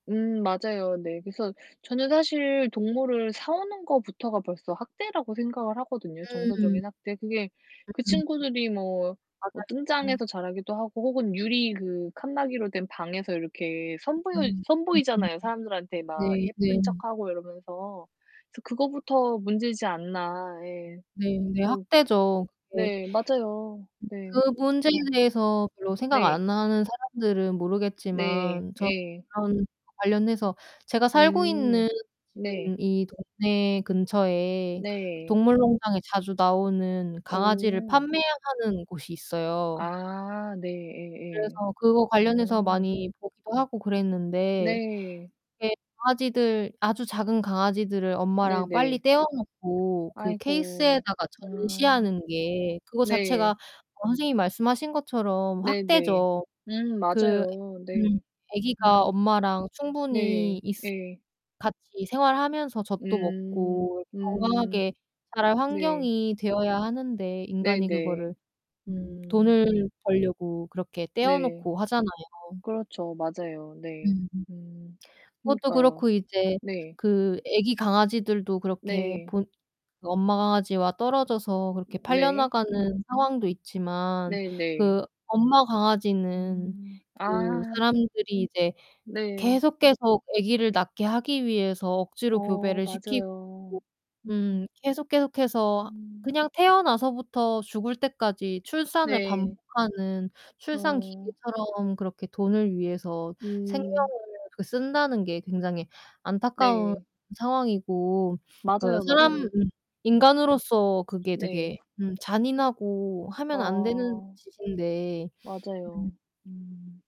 음 맞아요. 네. 그래서 저는 사실 동물을 사 오는 것부터가 벌써 학대라고 생각을 하거든요 음. 정서적인 학대. 그게 그 음. 친구들이 뭐 뭐 뜬장에서 맞아요. 자라기도 하고 혹은 유리 그 칸막이로 된 방에서 이렇게 선보여 음. 음음음. 선보이잖아요. 사람들한테 막 네 네. 예쁜 척하고 이러면서. 그래서 그거부터 문제지 않나 예. 네네 그래서 학대죠. 그게. 네 맞아요. 네. 그 문제에 그래서 대해서 별로 생각 네. 안하는 사람들은 네. 모르겠지만 예. 저런 관련해서 제가 살고 음. 있는 네. 지금 이 동네 근처에 네. 동물 농장에 자주 나오는 강아지를 어. 판매하는 곳이 있어요. 아. 네 예예. 그래서 그거 관련해서 어. 많이 보기도 하고 그랬는데 네. 이게 강아지들 아주 작은 강아지들을 엄마랑 빨리 네네. 떼어 놓고 그 아이고. 케이스에다가 음. 전시하는 게 그거 자체가 네. 어 선생님이 말씀하신 것처럼 네네. 학대죠. 음 그 맞아요. 음 네. 애기가 음. 엄마랑 충분히 네. 있으 예. 같이 생활하면서 젖도 음. 먹고 음. 건강하게 자랄 네. 환경이 되어야 하는데 인간이 네네. 그거를 음 음. 돈을 벌려고 그렇게 떼어 네. 놓고 하잖아요. 그렇죠. 맞아요. 네. 음음. 음. 그것도 그니까요. 그렇고 이제 네. 그 애기 강아지들도 그렇게 네. 본 그 엄마 강아지와 떨어져서 그렇게 네. 팔려나가는 상황도 있지만 네네. 그 엄마 강아지는 음 그 아. 사람들이 이제 네. 계속 계속 애기를 낳게 하기 위해서 억지로 어 교배를 시키고 맞아요. 음. 음 계속 계속해서 음. 그냥 태어나서부터 죽을 때까지 출산을 네. 반복하는 출산 어. 기계처럼 그렇게 돈을 위해서 생명을 음. 그 쓴다는 게 굉장히 안타까운 네. 상황이고 그 맞아요, 사람 음 맞아요. 음. 인간으로서 그게 네. 되게 음 잔인하고 하면 안 되는 어. 짓인데. 음. 맞아요. 음.